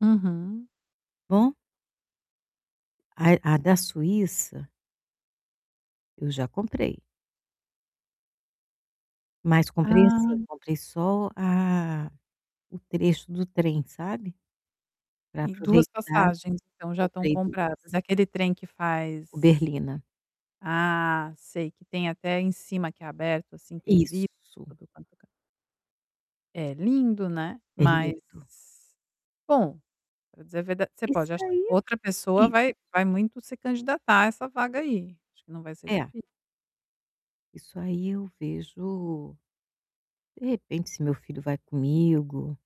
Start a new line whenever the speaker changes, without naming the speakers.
Uhum.
Bom? A a da Suíça eu já comprei. Mas comprei, assim,
Ah.
comprei só a o trecho do trem, sabe, para
Tem 2
aproveitar
passagens então já estão
comprei 2.
compradas. É aquele trem que
O
faz
Berlina.
Ah, sei, que tem até em cima que é aberto, assim, tem vidro.
Isso.
[unintelligible] É lindo né,
É
mas,
lindo.
bom, para dizer a verda você
Isso
pode achar
aí,
outra pessoa
isso.
vai vai muito se candidatar a essa vaga aí, acho que não vai ser
É.
difi
Isso aí eu vejo de repente se meu filho vai comigo